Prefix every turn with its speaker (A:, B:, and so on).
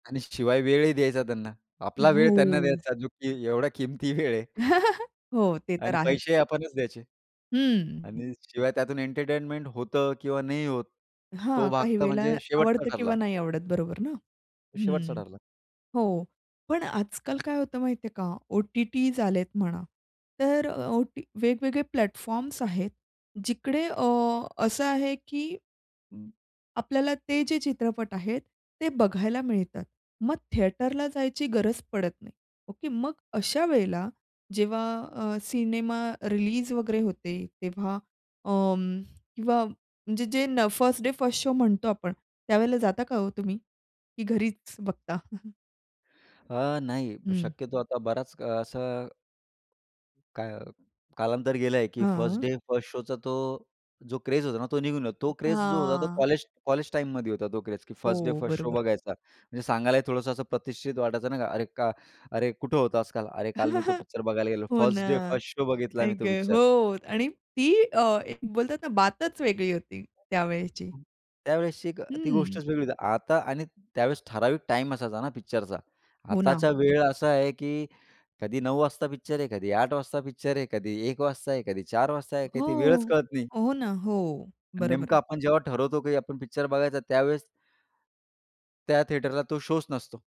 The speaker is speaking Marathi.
A: आणि शिवाय वेळही द्यायचा त्यांना. आपला वेळ त्यांना
B: हो.
A: द्यायचा, जो की एवढ्या किमती वेळ आहे.
B: हो, ते तर
A: आणि
B: आहेच.
A: पैसेही आपणच द्यायचे
B: हं.
A: आणि शिवाय त्यातून एंटरटेनमेंट होतं किंवा नाही होत, तो
B: हां,
A: भाग
B: काही
A: तर
B: वेळेला
A: म्हणजे शेवटचा
B: आवडतं
A: ठरला.
B: किंवा नाही आवडत, बरोबर ना?
A: तो शेवटचा
B: हं,
A: ठरला.
B: हो. पण आजकाल काय होतं माहितीये का ओ-टी-टीज आले आहेत म्हणा. तर अ, ओटी वेगवेगळे प्लॅटफॉर्म्स आहेत, जिकडे अ, असं आहे की अं, आपल्याला ते जे चित्रपट आहेत, ते बघायला मिळतात. मग थिएटरला जायची गरज पडत नाही, ओके? मग अशा वेळेला जेव्हा अ, सिनेमा रिलीज वगैरे होते, तेव्हा अं, किंवा म्हणजे जे न फर्स्ट डे फर्स्ट शो म्हणतो आपण, त्यावेळेला जाता का हो तुम्ही? की घरीच बघता?
A: अ, नाही.
B: हं.
A: शक्यतो आता बराच अ, असं काय अ, कालांतर गेलंय, की फर्स्ट
B: हं.
A: डे फर्स्ट शोचा तो जो क्रेज होता ना, तो निघून गेला, तो क्रेज जो होता, तो
B: हां.
A: कॉलेज कॉलेज टाईममध्ये होता तो क्रेज, की फर्स्ट डे
B: हो,
A: फर्स्ट शो
B: बरोबर.
A: बघायचा. म्हणजे सांगायलाही थोडंसं असं प्रतिष्ठित वाटायचं, नाही का, "अरे का अरे कुठं होतास काल?" "अरे काल मी तो पिक्चर बघायला गेलेलो,
B: हो ना,
A: फर्स्ट डे फर्स्ट शो बघितलाय
B: आई
A: मी तो
B: गं,
A: पिक्चर."
B: हो आणि ती अ,
A: [unintelligible]
B: एक बोलतात ना बातच वेगळी होती
A: [unintelligible] हं,
B: त्यावेळेची.
A: हं. त्यावेळेसची एक अ, ती
B: हं.
A: गोष्टच वेगळी होती. आता आणि त्यावेळेस ठराविक टाईम असायचा ना पिक्चरचा.
B: हो
A: आताचा
B: ना.
A: वेळ असा आहे की कधी 9:00 वाजता पिक्चर आहे, कधी 8:00 वाजता पिक्चर आहे, कधी 1:00 वाजता आहे, कधी 4:00 वाजता आहे, काही
B: हो.
A: ती वेळच कळत नाही.
B: हो ना, हो.
A: अन्
B: बरोबर
A: नेमकं
B: आहे.
A: आपण जेव्हा ठरवतो की आपण पिक्चर बघायचा त्यावेळेस त्या थिएटरला तो शोच नसतो.